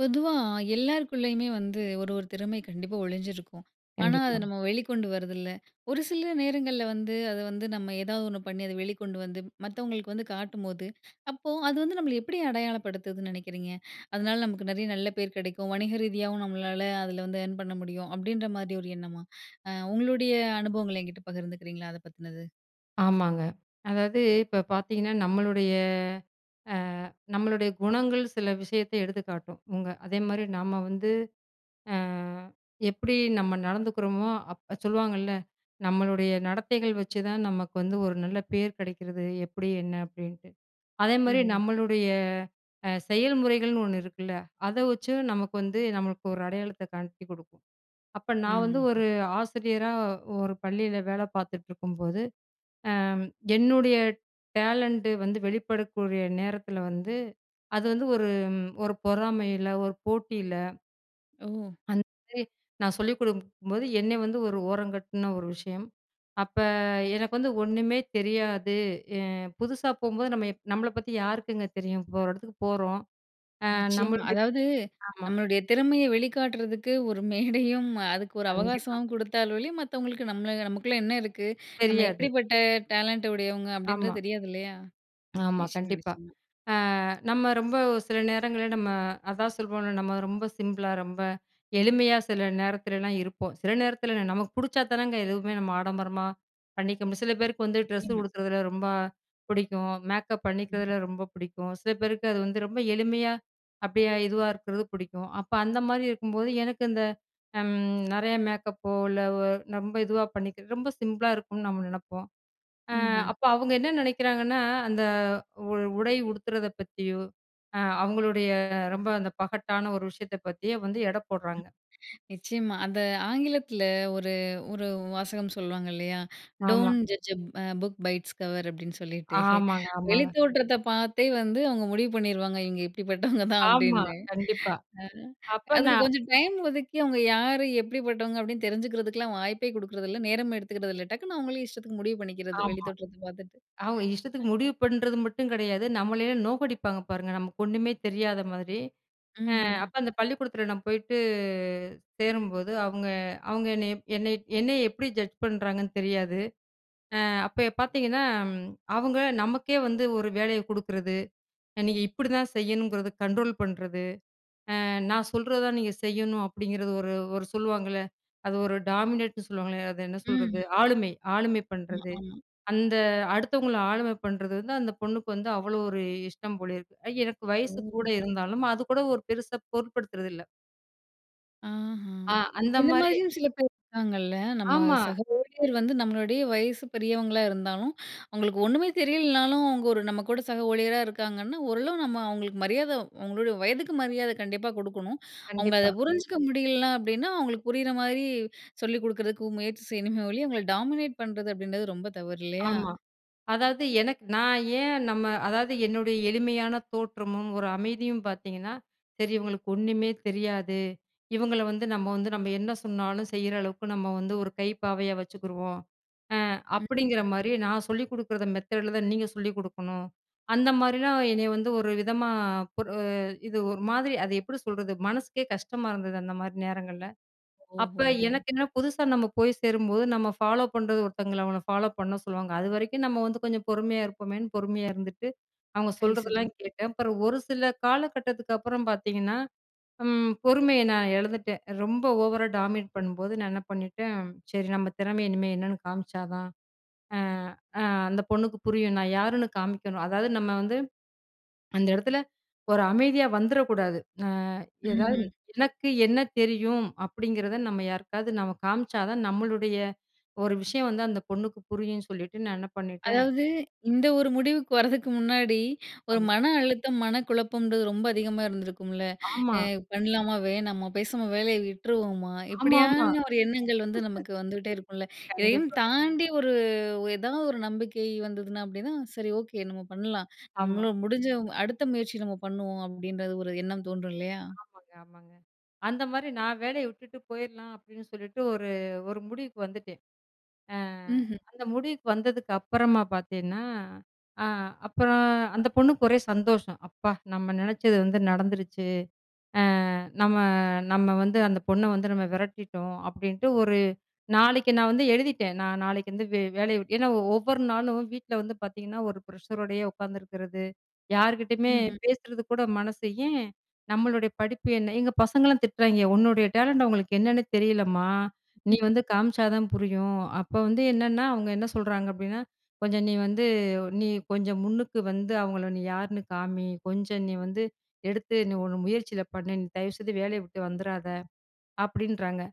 பொதுவா எல்லாருக்குள்ளேயுமே வந்து ஒரு, ஒரு திறமை கண்டிப்பா ஒழிஞ்சிருக்கும். ஆனா, அதை கண்டிப்பாங்க. நம்ம வெளிக்கொண்டு வரதில்ல. ஒரு சில நேரங்கள்ல வந்து அதை வந்து நம்ம ஏதாவது ஒண்ணு பண்ணி அதை வெளிக்கொண்டு வந்து மத்தவங்களுக்கு வந்து காட்டும்போது, அப்போ அது வந்து நம்மள எப்படி அடையாளப்படுத்துதுன்னு நினைக்கிறீங்க. அதனால, நமக்கு நிறைய நல்ல பேர் கிடைக்கும். வணிக ரீதியாவும் நம்மளால அதில வந்து அர்ன் பண்ண முடியும். அப்படின்ற மாரி ஒரு எண்ணமா, அ உங்களுடைய அனுபவங்கள்ல என்கிட்ட பகிர்ந்துக்கிறீங்களா அதை பத்துனது. ஆமாங்க. அதாவது இப்ப பார்த்தீங்கன்னா, நம்மளுடைய அ நம்மளுடைய குணங்கள் சில விஷயத்த எடுத்துக்காட்டும். உங்க அதேமாரி நம்ம வந்து அ எப்படி நம்ம நடந்துக்கிறோமோ? அப்ப சொல்லுவாங்கல்ல, நம்மளுடைய நடத்தைகள் வச்சுதான் நமக்கு வந்து ஒரு நல்ல பேர் கிடைக்கிறது. எப்படி? என்ன? அப்படின்ட்டு. அதேமாரி ம்ஹ்ம். நம்மளுடைய அ செயல்முறைகள்ன்னு ஒண்ணு இருக்குல, அதை வச்சும் நமக்கு வந்து நம்மளுக்கு ஒரு அடையாளத்த காட்டிக் கொடுக்கும். அப்ப நான் வந்து ம். ஒரு ஆசிரியரா ஒரு பள்ளியில வேலை பார்த்துட்ருக்கும்போது, அ என்னுடைய டேலண்டு வந்து வெளிப்படக்கூடிய நேரத்தில வந்து, அது வந்து ஒரு ஒரு பொறாமையில்ல, ஒரு போட்டியில்ல. ஓ! அந்த [unintelligible] நான் சொல்லிக் கொடுக்கும்போது, என்ன வந்து ஒரு ஓரம் கட்டுன ஒரு விஷயம். அப்ப எனக்கு வந்து ஒன்னுமே தெரியாது. அ புதுசா போம்போது, நம்ம இப் நம்மள பத்தி யாருக்குங்க தெரியும்? இப்போ ஒரு இடத்துக்கு போறோம். அ நிச்சயமா. நம்மளுடைய அதாவது, ஆமா. "நம்மளுடைய திறமைய வெளிக்காட்டுறதுக்கு ஒரு மேடையும், அதுக்கு ஒரு கண்டிப்பா. அவகாசமும் குடுத்தால் ஒழிய, மத்தவங்களுக்கு நம்மள நமக்குள்ள என்ன இருக்கு? நம்ம தெரியாது. எப்படிப்பட்ட டேலண்ட் உடையவுங்க" ஆமா. அப்பிடின்றது தெரியாது இல்லயா? ஆமா, நிச்சயமா, கண்டிப்பா. நிச்சயமா. அ நம்ம ரொம்ப ஒரு சில நேரங்கள்ல நம்ம அதான் சொல்வோம்ல, நம்ம ரொம்ப சிம்பிளா, ரொம்ப எளிமையா சில நேரத்துலலாம் இருப்போம். சில நேரத்துல இல்ல, நமக்கு புடிச்சாதானங்க எதுவுமே நம்ம ஆடம்பரமா, பண்ணிக்க மு சில பேருக்கு வந்து ட்ரெஸ்ஸு நிச்சயமா. உடுத்துறதுல ரொம்ப பிடிக்கும். மேக்கப் ம். பண்ணிக்கிறதுல ரொம்ப பிடிக்கும். சில பேருக்கு அது வந்து ரொம்ப எளிமையா, அப்பிடியே இதுவா இருக்குறது பிடிக்கும். அப்ப அந்தமாரி இருக்கும்போது, எனக்கு இந்த அம் நெறையா மேக்கப்போ, இல்ல ஒ ரொம்ப இதுவா பண்ணிக்கிறது ரொம்ப சிம்பிளா இருக்கணும்னு நம்ம நெனப்போம். அ ம்ஹ்ம். அப்ப அவுங்க என்ன நினைக்கிறாங்கன்னா, அந்த உ உடை உடுத்துறத பத்தியோ, அ அவுங்களுடைய ரொம்ப அந்த பகட்டான ஒரு விஷயத்தப் பத்தியோ வந்து எடை போட்றாங்க. [unintelligible] நிச்சயமா. அந்த ஆங்கிலத்துல ஒரு, ஒரு வாசகம் சொல்லுவாங்க இல்லையா, ஆமா. "Don't judge a book by its cover" அப்பிடின்னு சொல்லிட்டு. ஆமாங்க, ஆமாங்க. வெளித்தோற்றத்த பார்த்தே வந்து அவுங்க முடிவு பண்ணிருவாங்க, "இவுங்க இப்பிடிப்பட்டவங்க தான்" ஆமா. அப்பிடின்னு. கண்டிப்பா. அ. அப்ப அதுக்கு நான் கொஞ்சம் டைம் ஒதுக்கி, "அவுங்க யாரு? எப்பிடிப்பட்டவங்க?" அப்பிடின்னு தெரிஞ்சுக்கிறதுக்கெல்லாம் வாய்ப்பே குடுக்குறதில்ல, நேரம் எடுத்துக்கிறதில்ல. டக்குனு அவுங்களே இஷ்டத்துக்கு முடிவு பண்ணிக்கிறது, ஆமா. வெளித்தோற்றத்த பார்த்துட்டு.. அவுங்க [unintelligible] இஷ்டத்துக்கு முடிவு பண்றது மட்டும் கிடையாது. நம்மளையும் நோக்கடிப்பாங்க பாருங்க, நமக்கு ஒன்னுமே தெரியாத மாதிரி. அ ம்ஹ்ம். அப்ப அந்த பள்ளிக்கூடத்துல நான் போயிட்டு, சேரும்போது, அவுங்க அவுங்க என்னைய என்னைய என்னைய எப்பிடி ஜட்ஜ் பண்றாங்கன்னு தெரியாது. அ, அப்ப பார்த்தீங்கன்னா ம், அவுங்க நமக்கே வந்து ஒரு வேலைய குடுக்குறது. நீங்க இப்பிடி தான் செய்யணுங்கிறத கண்ட்ரோல் பண்ணுறது. "அ நான் சொல்றதான் நீங்க செய்யணும்" அப்பிடிங்கிறது ஒரு, ஒரு சொல்லுவாங்கள்ல? அது ஒரு டாமினேட்டுன்னு சொல்லுவாங்களே, அத என்ன சொல்றது? ம்ஹ்ம். ஆளுமை. ஆளுமை ம்மா, பண்ணுறது. ஆமா. அந்த அடுத்தவங்கள ஆளுமை பண்றது வந்து அந்த பொண்ணுக்கு வந்து அவ்ளோ ஒரு இஷ்டம் போல இருக்கு. அ எனக்கு வயசு ஓ! கூட இருந்தாலும், அது கூட ஒரு பெருசா பொருட்படுத்துறதில்ல. ஆஹா! ஆ. இந்த அந்தமாரி. மாரியும் சில பேர் இருக்காங்கல்ல. நம்ம ஆமா. சக ஊழியர் வந்து நம்மளுடைய வயசு பெரியவங்களா இருந்தாலும், அவுங்களுக்கு ஒன்னுமே தெரியலனாலும், அவுங்க ஒரு நம்ம கூட சக ஊழியரா இருக்காங்கன்னா, ஓரளவு நம்ம அவுங்களுக்கு மரியாத அவுங்களோட வயதுக்கு மரியாத கண்டிப்பா குடுக்கணும். அவுங்க அத கண்டிப்பா. புரிஞ்சுக்க முடியலன்னா அப்பிடின்னா அவுங்களுக்கு புரியிற மாரி சொல்லிக் கொடுக்குறதுக்கு முயற்சி செய்யணுமே ஒழிய அவுங்கள டாமினேட் பண்றது அப்பிடின்றது ரொம்ப தவறு இல்லயா! ஆமா. அதாவது எனக்கு நான் ஏன் நம்ம அதாவது என்னுடைய எளிமையான தோற்றமும், ஒரு அமைதியும் பார்த்தீங்கன்னா, சரி இவுங்களுக்கு ஒன்னுமே தெரியாது. இவங்கள வந்து நம்ம வந்து நம்ம என்ன சொன்னாலும் செய்ற அளவுக்கு, நம்ம வந்து ஒரு கைப்பாவையா வச்சுக்குருவோம். அ ம், ம். அப்பிடிங்கிறமாரியே நான் சொல்லிக் கொடுக்கிற மெத்தேர்ட்ல தான் நீங்க சொல்லிக் கொடுக்கணும். அந்த மாதிரிலாம் என்னைய வந்து ஒருவிதமா ஒரு இது ஒரு மாதிரி அது எப்படி சொல்றது, மனசுக்கே கஷ்டமா இருந்தது, அந்தமாரி நேரங்கள்ல. அப்ப ஓஹோஹோ! எனக்கு என்ன புதுசா நம்ம போய் சேரும்போது நம்ம ஃபாலோப் பண்றது ஒருத்தங்கள அவன ஃபாலோப் பண்ண சொல்லுவாங்க. அது வரைக்கும் நம்ம வந்து கொஞ்சம் பொறுமையா இருப்போமேன்னு பொறுமையா இருந்துட்டு, அவங்க சரி, சரி. சொல்றதெல்லாம் கேட்டேன். அப்புறம் ஒரு சில காலகட்டத்துக்கு அப்புறம் பார்த்தீங்கன்னா, ம் பொறுமைய நான் இழந்துட்டேன். ரொம்ப ஓவரா டாமினேட் பண்ணும்போது நான் என்ன பண்ணிட்டேன். சரி, நம்ம திறமைய இனிமே என்னன்னு காமிச்சா தான் அ, அ அந்த பொண்ணுக்கு புரியும். நான் யாருன்னு காமிக்கணும். அதாவது நம்ம வந்து அந்த இடத்தில ஒரு அமைதியா வந்துறக்கூடாது அ எதாவது ம்ஹ்ம். எனக்கு என்ன தெரியும், அப்பிடிங்கிறத நம்ம யாருக்காவது நம்ம காம்ச்சா தான், நம்மளுடைய ஒரு விஷயம் வந்து அந்த பொண்ணுக்கு புரியுன்னு சொல்லிட்டு, நான் என்ன பண்ணிட்டேன் அதாவது இந்த ஒரு முடிவுக்கு வரதுக்கு முன்னாடி, ஒரு ஆமா. மன அழுத்தம், மனக்குழப்பம்ன்றது ரொம்ப அதிகமா இருந்திருக்கும்ல, அ ஆமா. பண்ணலாமா வேணாமா, பேசாம வேலைய விட்டுருவோமா, ஆமா, ஆமா. இப்பிடியான ஒரு எண்ணங்கள் வந்து நமக்கு வந்துகிட்டே இருக்கும்ல. இதையும் கண்டிப்பா. தாண்டி ஒரு, ஒரு ஏதாவது ஒரு நம்பிக்கை வந்ததுனா அப்பிடின்னா, சரி. ஓகே. நம்ம பண்ணலாம், ஆமா. நம்மளும் முடிஞ்சவங் அடுத்த முயற்சி நம்ம பண்ணுவோம் அப்பிடின்ற ஒரு எண்ணம் தோன்றும் இல்லயா! ஆமாங்க, ஆமாங்க. அந்தமாரி நான் வேலைய விட்டுட்டு போயிர்லாம், அப்பிடின்னு சொல்லிட்டு ஒரு, ஒரு முடிவுக்கு வந்துட்டேன். அ ம்ஹ்ம். அந்த முடிவுக்கு வந்ததுக்கு அப்பறமா பார்த்தேன்னா, அ அப்பறம் அந்த பொண்ணுக்கு ஒரே சந்தோஷம், "அப்பா நம்ம நினைச்சது வந்து நடந்துருச்சு. அ நம்ம, நம்ம வந்து அந்த பொண்ண வந்து நம்ம விரட்டிட்டோம்" அப்பிடின்ட்டு ஒரு நாளைக்கி நான் வந்து எழுதிட்டேன். நான் நாளைக்கு வந்து வே வேலைய விட்டு ஏன்னா ஒவ்வொரு நாளும் வீட்ல வந்து பார்த்தீங்கன்னா, ஒரு ப்ரெஷரோடயே உட்காந்துருக்கிறது. யார்க்கிட்டயுமே ம்ஹ்ம். பேசுறது கூட மனசு, ஏன் நம்மளுடைய படிப்பு என்ன? எங்க பசங்கள்லாம் திட்றாங்கே, "உன்னுடைய டேலண்ட்டு அவுங்களுக்கு என்னன்னே தெரிலம்மா! நீ ம். வந்து காமிச்சா தான் புரியும்" அப்போ வந்து என்னென்னா அவுங்க என்ன சொல்றாங்க அப்பிடின்னா, "கொஞ்சம் நீ வந்து நீ கொஞ்சம் முன்னுக்கு வந்து அவுங்கள நீ யாருன்னு காமி! கொஞ்சம் நீ வந்து எடுத்து நீ உன் முயற்சில பண்ணு. நீ தயவுசெய்து வேலைய விட்டு வந்துராத!" அப்பிடின்றாங்க.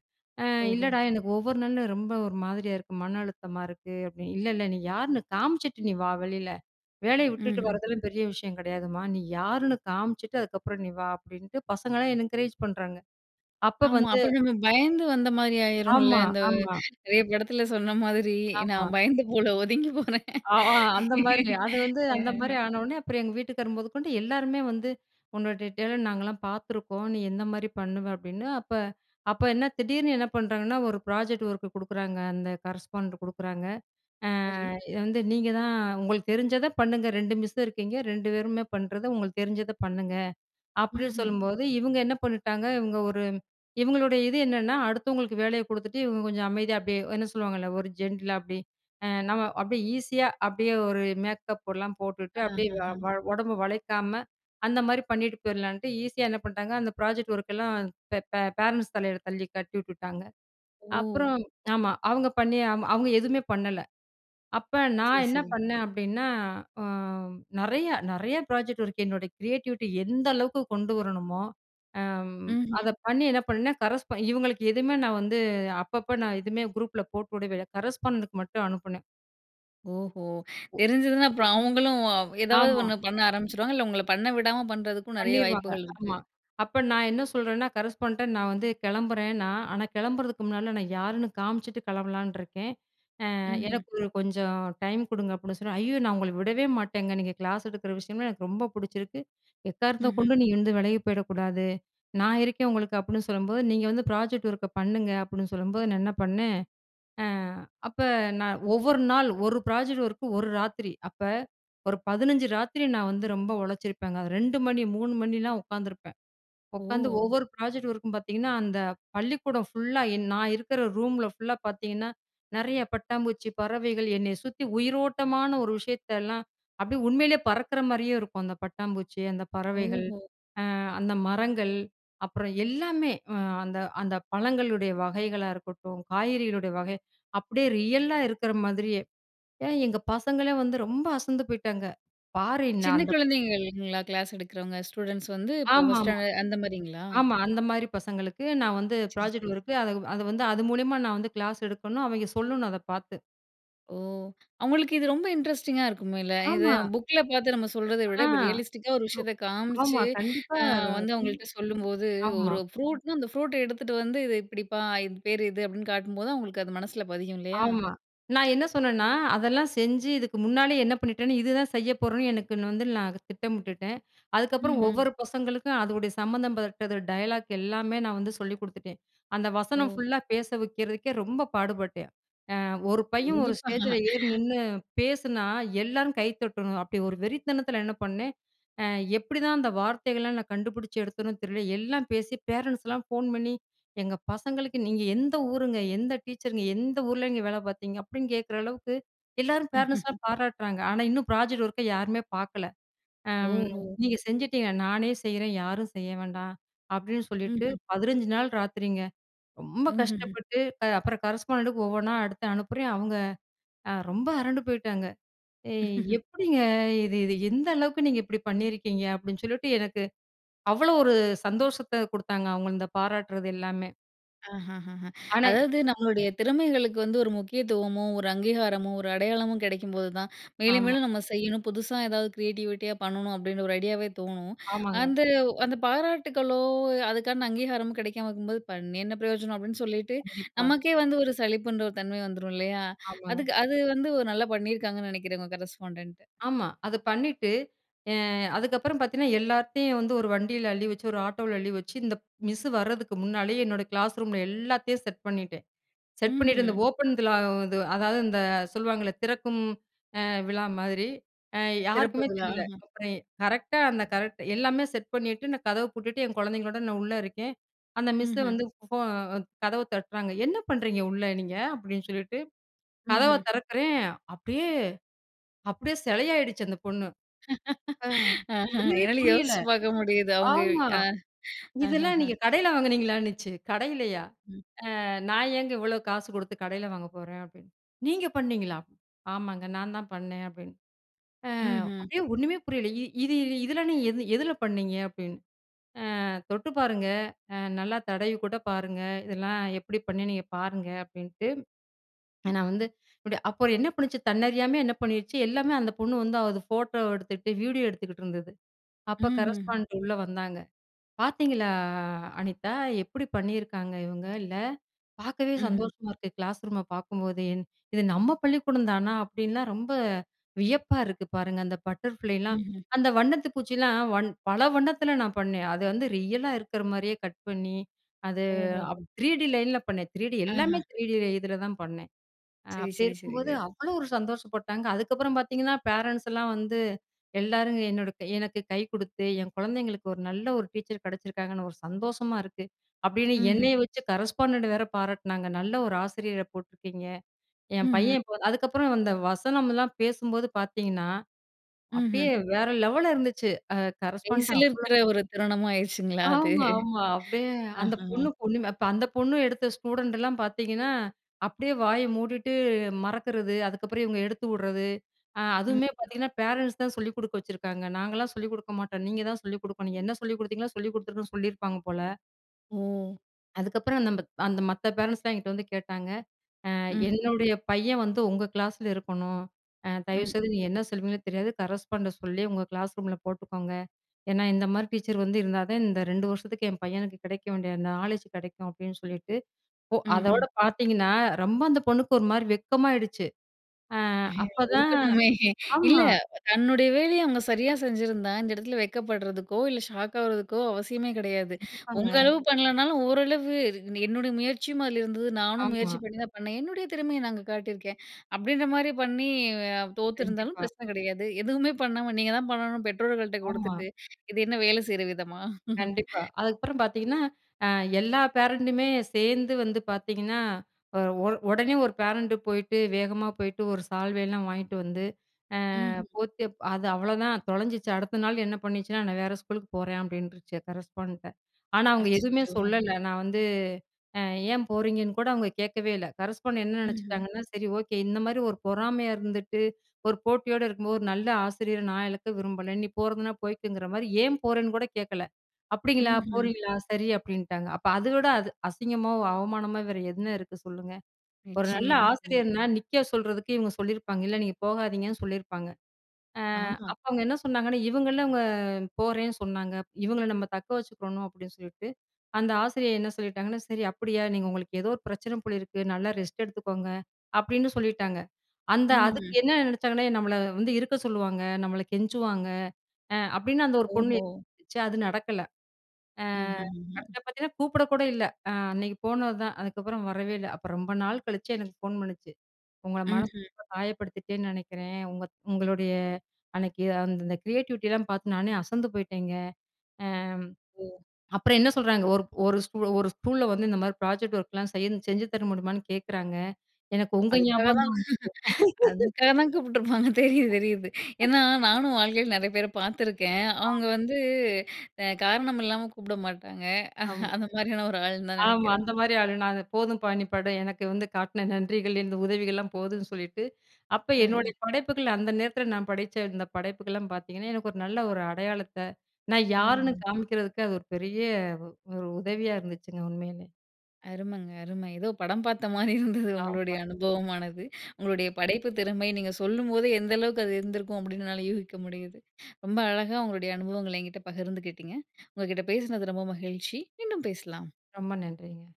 அ ஓஹோ! இல்லடா, எனக்கு ஒவ்வொரு நாளும் ரொம்ப ஒரு மாதிரியா இருக்கு. மன அழுத்தமா இருக்கு. அப்பிடின்னு "இல்ல, இல்ல நீ யாருன்னு காமிச்சுட்டு நீ வா! வெளில வேலைய விட்டுட்டு ம்ஹ்ம். வரதெல்லாம் பெரிய விஷயம் கிடையாதும்மா! நீ யாருன்னு காமிச்சுட்டு அதுக்கப்பறம் நீ வா!" அப்பிடின்ட்டு பசங்கள்ல்லாம் என்க்கரேஜ் பண்றாங்க. அப்போ ஆமா. வந்து அப்புறம் நம்ம பயந்து வந்த மாரி ஆயிரும்ல, ஆமா, அந்த ஆமா. நெறைய படத்துல சொன்ன மாதிரி, ஆமா. நான் பயந்து போல ஒதுங்கி போறேன் அ. அ, அந்தமாரிங்க. அது வந்து, அந்த மாதிரி ஆனவுனே அப்புறம் எங்க வீட்டுக்காரு மொதக்கொண்டு எல்லாருமே வந்து, "உன்னோட டே டேலண்ட் நாங்கலாம் பார்த்துருக்கோம். நீ எந்தமாரி பண்ணுவ" அப்பிடின்னு அப்ப, அப்ப என்ன திடீர்னு என்ன பண்ணுறாங்கன்னா, ஒரு ப்ராஜெக்ட் ஒர்க் குடுக்குறாங்க. அந்த கரஸ்பாண்டன்ட் குடுக்குறாங்க. அ, சரி. "இத வந்து நீங்க தான் உங்களுக்கு தெரிஞ்சத பண்ணுங்க. 2 மிஸ்சும் இருக்கீங்க, 2 பேருமே பண்றத, உங்களுக்கு தெரிஞ்சத பண்ணுங்க" அப்பிடின்னு ம்ஹ்ம். சொல்லும்போது இவுங்க என்ன பண்ணிட்டாங்க, இவுங்க ஒரு இவுங்களுடைய இது என்னன்னா, அடுத்தவங்களுக்கு வேலைய குடுத்துட்டு இவுங்க கொஞ்சம் அமைதியா அப்பிடியே என்ன சொல்லுவாங்கல்ல, ஒரு ஜென்டிலா அப்பிடி அ நம்ம அப்பிடியே ஈஸியா அப்பிடியே ஒரு மேக்கப் எல்லாம் போட்டுட்டு அஹ, அப்பிடியே வ அ. வ உடம்ப வளைக்காம, அந்தமாரி பண்ணிட்டு போயிரலான்ட்டு, ஈஸியா என்ன பண்ட்டாங்க. அந்த ப்ராஜெக்ட் ஒர்க்லாம் பே பே ஃபேரண்ட்ஸ் தலையில தள்ளி கட்டி உட்டுட்டாங்க ஓ! அப்புறம், ஆமா. அவுங்க பண்ணி ஆமா அவுங்க எதுவுமே பண்ணல. அப்ப சரி, நான் என்ன சரி. பண்ணேன் அப்பிடின்னா அ நெறைய, நெறைய ப்ராஜெக்ட் ஒர்க் என்னோட கிரியேட்டிவிட்டி எந்த அளவுக்கு கொண்டு வரணுமோ, அம் அத ம்ஹ்ம். பண்ணி என்ன பண்ணேன், கரஸ்பா இவுங்களுக்கு எதுவுமே நான் வந்து அப்பப்ப நான் எதுவுமே குரூப்ல போட்டுவிடவே இல்ல. கரஸ்ஃபாண்டென்டுக்கு மட்டும் அனுப்புனேன். ஓஹோ! ஒ. தெரிஞ்சதுனா அப்புறம், அவங்களும் ஏதாவது ஆமா. ஒண்ணு பண்ண ஆரம்பிச்சுருவாங்க இல்ல, உங்கள பண்ணவிடாம பண்ணுறதுக்கும் நெறைய பண்ணிருவாங்க, வாய்ப்புகள் இருக்கு. ஆமா. அப்ப நான் என்ன சொல்லுறேன்னா கரஸ்பாண்ட்ட நான் வந்து கிளம்புறேன்னா, ஆனா கிளம்புறதுக்கு முன்னாடி நான் யாருன்னு காமிச்சுட்டு கிளம்பலான்னு இருக்கேன். அ ம்ஹ்ம். எனக்கு ஒரு கொஞ்சம் டைம் குடுங்க, அப்படின்னு சொன்னா. ஐய்யோ! நான் உங்கள விடவே மாட்டேங்க. நீங்க கிளாஸ் எடுக்கிற விஷயம்லாம், எனக்கு ரொம்ப பிடிச்சிருக்கு. எக்காரணத்த ம்ஹ்ம். கொண்டு நீ இருந்து விலகி போயிடக்கூடாது. நான் இருக்கேன் உங்களுக்கு. அப்படின்னு, சொல்லும்போது நீங்க வந்து ப்ராஜெக்ட் ஒர்க்க பண்ணுங்க. அப்படின்னு சொல்லும்போது, நான் என்ன பண்ணேன்? அ அப்ப நான் ஒவ்வொரு நாள் ஒரு ப்ராஜெக்ட் ஒர்க்கு ஒரு ராத்திரி. அப்ப ஒரு 15 ராத்திரி நான் வந்து ரொம்ப உழைச்சிருப்பேங்க. 2 மணி, 3 மணிலாம் உட்காந்துருப்பேன். உட்காந்து ஓ. ஒவ்வொரு ப்ராஜெக்ட் இருக்கும் பாத்தீங்கன்னா, அந்த பள்ளிக்கூடம் ஃபுல்லா என் நான் இருக்குற ரூம்ல ஃபுல்லா பாத்தீங்கன்னா? நெறைய பட்டாம்பூச்சி, பறவைகள் என்னைய சுத்தி உயிரோட்டமான ஒரு விஷயத்தெல்லாம் அப்படியே உண்மையிலேயே பறக்குற மாரியே இருக்கும். அந்த பட்டாம்பூச்சி அந்த பறவைகள் ஓஹோ. அ அந்த மரங்கள் அப்புறம் எல்லாமே அந்த அந்த பழங்களுடைய வகைகளா இருக்கட்டும் காய்கறிகளுடைய வகை, அப்படியே ரியல் லா இருக்குற மாதிரியே. ஏன் எங்க பசங்களே வந்து ரொம்ப அசந்து போயிட்டாங்க. பாரு என்ன சின்ன அந்த குழந்தைங்க இல்லங்களா கிளாஸ் எடுக்கிறவங்க ஸ்டூடண்ட்ஸ் வந்து இப்போ ஃபர்ஸ்ட் ஆமாமா. ஸ்டாண்டர்ட் அந்த மாரிங்களா? ஆமா அந்த மாரி பசங்களுக்கு நான் வந்து சரி, சரி, ப்ராஜெக்ட் சரி. ஒர்க் அத அத வந்து, அது மூலியமா நான் வந்து கிளாஸ் எடுக்கணும். அவங்க சொல்லணும் அத பாத்து. ஓ! அவுங்களுக்கு இது ரொம்ப இன்ட்ரஸ்டிங்கா இருக்கும்ல்ல இத ஆமா. அ புக்ல பாத்து நம்ம சொல்றத ஆ விட, இப்போ ரியலிஸ்டிக்கா ஒரு [unintelligible] விஷயத்த காமிச்சு, ஆமா கண்டிப்பா, அ வந்து [unintelligible] அவுங்கள்ட்ட சொல்லும்போது, ஆமா. ஒரு ஃப்ரூட்னா, அந்த ஃப்ரூட்ட எடுத்துட்டு வந்து, "இது இப்டிப்பா, இது பேரு இது!" அப்டின்னு காட்டும்போது அவுங்களுக்கு அது மனசுல பதியும் இல்லையா? ஆமா. நான் என்ன சொன்னன்னா, அதெல்லாம் செஞ்சு, இதுக்கு முன்னாலயே என்ன பண்ணிட்டேன்னு இதுதான் செய்ய போறேன்னு எனக்கு [unintelligible] நான் அத திட்டமிட்டுட்டேன். அதுக்கப்புறம் ம்ஹ்ம். ஒவ்வொரு பசங்களுக்கும் அதுவுடைய சம்பந்தம் பட்டது டயலாக் எல்லாமே நான் வந்து சொல்லி குடுத்துட்டேன். அந்த வசனம் ஓ! ஃபுல்லா பேச வக்கிறதுக்கே ரொம்ப பாடுபட்டேன். அ ஒரு பையன் ஒரு கண்டிப்பா. ஸ்டேஜில ஏறி நின்னு பேசுனா, எல்லாரும் கைத்தட்டணும், அப்டி ஒரு வெறித்தனத்ல என்ன பண்ணேன் அ எப்டிதான் அந்த வார்த்தைகள்லாம் நான் கண்டுபிடிச்சு எடுத்தனோ தெரியல. எல்லாம் பேசி பேரண்ட்ஸ்லாம் ஃபோன் பண்ணி "எங்க பசங்களுக்கு நீங்க எந்த ஊருங்க? எந்த டீச்சருங்க? எந்த ஊர்லங்க வேலை பார்த்தீங்க?" அப்டின்னு கேக்குற அளவுக்கு எல்லாரும் பேரன்ட்ஸ்லாம் பாராட்டுறாங்க. ஆனா இன்னும் ப்ராஜெக்ட் ஒர்க்க யாருமே பாக்கல. அம் ஓஹோ! "நீங்க செஞ்சுட்டீங்க. நானே செய்றேன் யாரும் செய்ய வேண்டாம்" அப்டின்னு சொல்லிட்டு ம்ஹ்ம். 15 நாள் ராத்திரிங்க. ரொம்ப ம்ஹ்ஹ்ம். கஷ்டப்பட்டு, அ அப்புறம் கரஸ்பாண்டெட்டுக்கு ஒவ்வொண்ணா எடுத்து அனுப்புறேன். அவுங்க அ ரொம்ப அரண்டு போய்ட்டாங்க. "ஏய் எப்டிங்க? இது இது எந்த அளவுக்கு நீங்க இப்டி பண்ணியிருக்கீங்க?" அப்படின்னு சொல்லிட்டு எனக்கு, அவ்வளோ ஒரு சந்தோஷத்த குடுத்தாங்க அவுங்க, இந்த பாராட்டுறது எல்லாமே. ஆஹா! ஹா! ஹா! ஆனா எ அதாவது நம்மளுடைய திறமைகளுக்கு வந்து ஒரு முக்கியத்துவமோ! ஒரு அங்கீகாரமோ! ஒரு அடையாளமும் கிடைக்கும்போது தான் மேலும், ஆமா. மேலும் நம்ம செய்யணும். புதுசா ஏதாவது கிரியேட்டிவிட்டியா பண்ணணும். அப்பிடின்ற ஒரு ஐடியாவே தோணும். ஆமாங்க. அந்த, அந்த பாராட்டுக்களோ! அதுக்கான அங்கீகாரமோ கிடைக்காம இருக்கும்போது, "பண்ணி என்ன பிரயோஜனம்?" அப்பிடின்னு சொல்லிட்டு, கண்டிப்பா. நமக்கே வந்து ஒரு சளிப்புன்ற ஒரு தன்மை வந்துரும் இல்லயா! ஆமாங்க. அதுக்கு அது வந்து ஒரு நல்லா பண்ணியிருக்காங்கன்னு நினைக்கிறேன், உங்க கரஸ்பாண்டன்ட். ஆமா. அத பண்ணிட்டு, அ அதுக்கப்புறம் பார்த்தீங்கன்னா, எல்லாத்தையும் வந்து ஒரு வண்டியில அள்ளி வச்சு ஒரு ஆட்டோல அள்ளி வச்சு, இந்த மிஸ் வர்றதுக்கு முன்னாலேயே, என்னோட கிளாஸ் ரூம்ல எல்லாத்தையும் செட் பண்ணிட்டேன். செட் பண்ணிட்டு இந்த ம்ஹும். ஓப்பன்விழா, அதாவது இந்த சொல்லுவாங்கல்ல திறக்கும் அ விழா மாதிரி. அ திறப்பு யாருக்குமே விழா. தெரியல. ஆஹா. அப்புறம் எ கரெக்டா அந்த கரெக்ட் எல்லாமே செட் பண்ணிட்டு, நான் கதவ பூட்டிட்டு, என் குழந்தைங்களோட நான் உள்ள இருக்கேன். அந்த மிஸ்ஸ ம்ஹ்ம். வந்து ஃபோ கதவ தட்டுறாங்க. "என்ன பண்ணுறீங்க உள்ள, நீங்க?" அப்பிடின்னு சொல்லிட்டு, கதவை ம்ஹ்ம். திறக்கிறேன். அப்பிடியே அப்பிடியே சிலையாயிடுச்சு, அந்த பொண்ணு. ஆ அ ஒண்ணுமே என்னால புரியல. யோசிச்சு பார்க்க முடியுது. அவுங்க, ஆமா. அ. "இதெல்லாம் அஹஹா. நீங்க கடையில வாங்கினீங்களான்னுச்சு." "கடையிலயா! ம். அ நான் ஏங்க இவ்ளோ காசு குடுத்து கடையில வாங்கப் போறேன்?" அப்பிடின்னு, "நீங்க பண்ணீங்களா?" "ஆமாங்க. நான் தான் பண்ணேன்" அப்பிடின்னு. அ ம்ஹ்ம். அப்பிடியே ஒண்ணுமே புரியல. "இ இது இதிலாம் நீங்க எது எதுல பண்ணீங்க?" அப்பிடின்னு. அ "தொட்டு பாருங்க! அ நல்லா தடவிக்கூட பாருங்க. இதுலாம் எப்பிடி பண்ணேன்? நீங்க பாருங்க." அப்பிடின்ட்டு, ஏன்னா வந்து, இப்புடி அப்புறம் என்ன பண்ணுச்சு? தன்னறியாம என்ன பண்ணிடுச்சு? எல்லாமே அந்த பொண்ணு வந்து, அத ஃபோட்டோவ எடுத்துட்டு, வீடியோ எடுத்துக்கிட்டு இருந்தது. ம். அப்ப, ம்ஹ்ம். கரஸ்பாண்டன்ட் உள்ள வந்தாங்க. "பார்த்தீங்களா! அனிதா எப்படி பண்ணியிருக்காங்க, இவுங்க? இல்ல! பார்க்கவே ம்ஹ்ம். சந்தோஷமா இருக்கு. கிளாஸ் ரூம பார்க்கும்போதே! இது நம்ம பள்ளிக்கூடந்தானா! அப்பிடின்லாம் ரொம்ப வியப்பா இருக்குது பாருங்க." அந்த பட்டர்ஃபிளைலாம் ம்ஹ்ம். அந்த வண்ணத்து பூச்சிலாம் வண் பல வண்ணத்தில நான் பண்ணேன். அது வந்து ரியலா இருக்கிறமாரியே கட் பண்ணி, அது ஓஹோஹோ! 3D லைன்ல பண்ணேன். 3D எல்லாமே ஆஹா! 3D இதில தான் பண்ணேன். அ சரி, அப்பிடி சரி, சரி, இருக்கும்போது, சரி. அவ்ளோ ஒரு சந்தோஷப்பட்டாங்க. அதுக்கப்புறம் பார்த்தீங்கன்னா, பேரன்ட்ஸ் எல்லாம் வந்து எல்லாரும் என்னோட எனக்கு கை குடுத்து, என் குழந்தைங்களுக்கு ஒரு, நல்ல ஒரு டீச்சர் கிடைச்சிருக்காங்கன்னு ஒரு சந்தோஷமா இருக்கு. அப்பிடின்னு ம்ஹ்ம். என்னைய வச்சு, கரஸ்பாண்டன்ட்ட வேற பாராட்டினாங்க. "நல்ல ஒரு ஆசிரியர போட்டுருக்கீங்க." என் ம்ஹ்ம். பையன் இப்ப அதுக்கப்புறம் இந்த வசனம்லாம் பேசும்போது பார்த்தீங்கன்னா, அப்பிடியே ம்ஹ்ம். வேற லெவல்ல இருந்துச்சு. அ A/C கரஸ்பாண்டன்ட் ல அவ்ளோ இருக்கிற ஒரு தருணமா ஆயிடுச்சுங்களா! அது ஆமா, ஆமா. அப்பிடியே அந்த பொண்ணு ஆஹாஹாம்! பொண்ணுமே. அந்த பொண்ணு எடுத்த ஸ்டூடண்ட்லாம் பார்த்தீங்கன்னா, அப்பிடியே வாய மூடிட்டு, மறக்கிறது, அதுக்கப்புறம் இவுங்க எடுத்து விட்றது, அ ம். அதுவுமே பார்த்தீங்கன்னா, பேரன்ட்ஸ் தான் சொல்லிக் குடுக்க வச்சுருக்காங்க. "நாங்கலாம் சொல்லிக் குடுக்க மாட்டோம். நீங்க தான் சொல்லிக் குடுக்கணும். என்ன சொல்லிக் கொடுத்தீங்களோ!" சொல்லிக் கொடுத்துருக்கன்னு சொல்லியிருப்பாங்க போல. ஓ! அதுக்கப்பறம் நம்ப அந்த மத்த பேரண்ட்ஸ்ஸெலாம் என்கிட்ட வந்து கேட்டாங்க. அ ம்ஹ்ம். என்னுடைய பையன் வந்து உங்க கிளாஸில இருக்கணும். அ தயவுசெய்து ம்ஹ்ம். நீங்க என்ன சொல்லுவீங்கனு தெரியாது கரஸ்பாண்ட சொல்லி, உங்க கிளாஸ் ரூம்ல போட்டுக்கோங்க. ஏன்னா இந்த மாதிரி டீச்சர் வந்து இருந்தா தா, இந்த 2 வருஷத்துக்கு என் பையனுக்கு கிடைக்க வேண்டிய அந்த நாலேட்ஜ் கிடைக்கும், அப்படின்னு சொல்லிட்டு, ஒ ம்ஹ்ம். அதோட பார்த்தீங்கன்னா, ரொம்ப அந்த பொண்ணுக்கு ஒரு மாரி வெட்கமாயிடுச்சு. அ அப்பதான் இருக்கணுமே! இல்ல ஆமா. தன்னுடைய வேலைய அவுங்க சரியா செஞ்சிருந்தா? இந்த இடத்தில வெட்கப்படுறதுக்கோ இல்ல, ஷாக் ஆகுறதுக்கோ, அவசியமே கிடையாது. கண்டிப்பாங்க. உங்க அளவு பண்ணலனாலும் ஓரளவு என்னுடைய முயற்சியும் அதில இருந்தது, நானும் முயற்சி ஆமா. பண்ணி தா பண்ண. என்னுடைய திறமைய நான் அங்க காட்டிருக்கேன். அப்படின்ற மாரி பண்ணி, அ தோத்துருந்தாலும் கண்டிப்பா. பிரச்சன கிடையாது. எதுவுமே பண்ணாம நீங்க தான் பண்ணணும் பெற்றோர்கள்ட்ட ஆமா. கொடுத்துட்டு, இது என்ன வேலை செய்ற விதமா? கண்டிப்பா. அதுக்கப்பறம் பார்த்தீங்கன்னா, அ எல்லா பேரன்ட்டுமே சேர்ந்து வந்து பார்த்தீங்கன்னா, ஒ ஒர் உடனே ஒரு பேரண்டு போயிட்டு, வேகமா போயிட்டு ஒரு சால்வயலாம் வாங்கிட்டு வந்து, அ ம்ஹ்ம். போத்தி அது அவ்ளோதான் தொலஞ்சிச்சு, அடுத்த நாள் என்ன பண்ணிச்சுன்னா நான் வேற ஸ்கூலுக்கு போறேன் அப்படின்ருச்சு! கரஸ்பாண்டன்ட ஆனா அவுங்க எதுவுமே அச்சச்சோ. சொல்லல, நான் வந்து, அ ஏன் போறீங்கன்னு கூட அவுங்க கேட்கவே இல்ல, கரஸ்பாண்டன்ட் என்ன ம்ஹ்ம். நெனச்சுக்கிட்டாங்கன்னா, "சரி ஓகே இந்த மாரி ஒரு பொறாமையா இருந்துட்டு, ஒரு போட்டியோடு இருக்கும்போது ஒரு நல்ல ஆசிரியர நான் இழக்க விரும்பல, நீ போறதுனா போய்க்கங்கற மாரி "ஏன் போறேன்னு கூட கேட்கல, "அப்படிங்களா, ம்ஹ்ம். போறீங்களா, சரி" அப்படின்ட்டாங்க. அப்ப அத விட அது அசிங்கமாவு, அவமானமா வேற என்ன இருக்குது சொல்லுங்க. ஒரு நல்ல நிச்சயமா, நிச்சயமா. ஆசிரியர்னா, நிக்க சொல்றதுக்கு இவுங்க சொல்லிருப்பாங்க, இல்ல நீங்க போகாதீங்கன்னு சொல்லிருப்பாங்க. அ ஆமா. அப்ப அவுங்க என்ன சொன்னாங்கன்னா, "இவுங்கள்ல, அ போறேன்னு சொன்னாங்க. இவுங்கள்ல நம்ம தக்க வச்சுக்கணும் அப்படின்னு சொல்லிட்டு, அந்த ஆசிரியர் என்ன சொல்லிட்டாங்கன்னா "சரி அப்படியா நீங்க உங்களுக்கு ஏதோ ஒரு பிரச்சன போலிருக்கு, நல்லா ரெஸ்ட் எடுத்துக்கோங்க, அப்படின்னு சொல்லிட்டாங்க. அந்த ம்ஹ்ம். அதுக்கு என்ன நெனச்சாங்கன்னா நம்மள வந்து இருக்க சொல்லுவாங்க. நம்மல கெஞ்சுவாங்க. அ அப்படின்னு அந்த ஒரு பொண்ணு ஓஹோ! யோசிச்சு அது நடக்கல, அ ம்ஹ்ம். ஹ்ம். அடுத்த பார்த்தீங்கன்னா, கூப்பிட கூட இல்ல. அ அன்னைக்கு போனது தான், அதுக்கப்பறம் வரவே இல்ல. அப்ப ரொம்ப நாள் கழிச்சு எனக்கு ஃபோன் பண்ணுச்சு. "உங்கள மனச ம்ஹ்ம். ரொம்ப காயப்படுத்திட்டேன்னு நெனக்கிறேன். உங்க உங்களுடைய அன்னைக்கு அந்த அந்த கிரியேட்டிவிட்டில்லாம் பார்த்து நானே அசந்து போய்ட்டேங்க." அம் ஓ. அப்பறம் என்ன சொல்றாங்க ஒரு ஒரு ஸ்கூ "ஒரு ஸ்கூல வந்து இந்த மாரி ப்ராஜெக்ட் ஒர்க்லா செய்ய செஞ்சு தர முடியுமான்னு கேட்கறாங்க. எனக்கு ஒ உங்க அதுக்காக ஞாபகம் தான் தான் வந்துச்சு." அதுக்காக தான் கூப்பிட்டுருப்பாங்க தெரியுது, தெரியுது. ஏன்னா, நானும் வாழ்க்கையில நெறைய பேர பார்த்துருக்கேன்! அ. அவுங்க வந்து, அ காரணம் இல்லாம கூப்பிட மாட்டாங்க. ஆமா. அந்த மாரியான ஒரு ஆளுன்னு தான் ஆமா. நெனக்கிறேன். அந்த மாரி ஆளு நானு போதும் பா, நீ பட எனக்கு வந்து காட்டின நன்றிகள். இந்த உதவிகள்லாம் போதும்ன்னு சொல்லிட்டு அப்ப அஹ. என்னுடய படைப்புகள், அந்த நேரத்தில நான் படச்ச, இந்த படைப்புக்கெல்லாம் பார்த்தீங்கன்னா, எனக்கு ஒரு நல்ல ஒரு அடையாளத்த, நான் யாருன்னு ம்ஹ்ம். காமிக்கிறதுக்கு அது ஒரு பெரிய, வ ஒ ஒரு உதவியா இருந்துச்சுங்க. உண்மையிலே. அருமங்க. அரும! ஏதோ படம் பார்த்த மாரி இருந்தது ஆமா. உங்களுடய அனுபவமானது. உங்களுடைய படைப்பு திறமை! நீங்க சொல்லும்போதே எந்த அளவுக்கு அது இருந்திருக்கும் அப்படின்னு என்னால யூகிக்க முடியுது. ரொம்ப அழகா, உங்களோடய அனுபவங்கள்ல என்கிட்ட பகிர்ந்துக்கிட்டீங்க. உங்ககிட்ட பேசினது ரொம்ப மகிழ்ச்சி. மீண்டும் பேசலாம். ரொம்ப நன்றிங்க.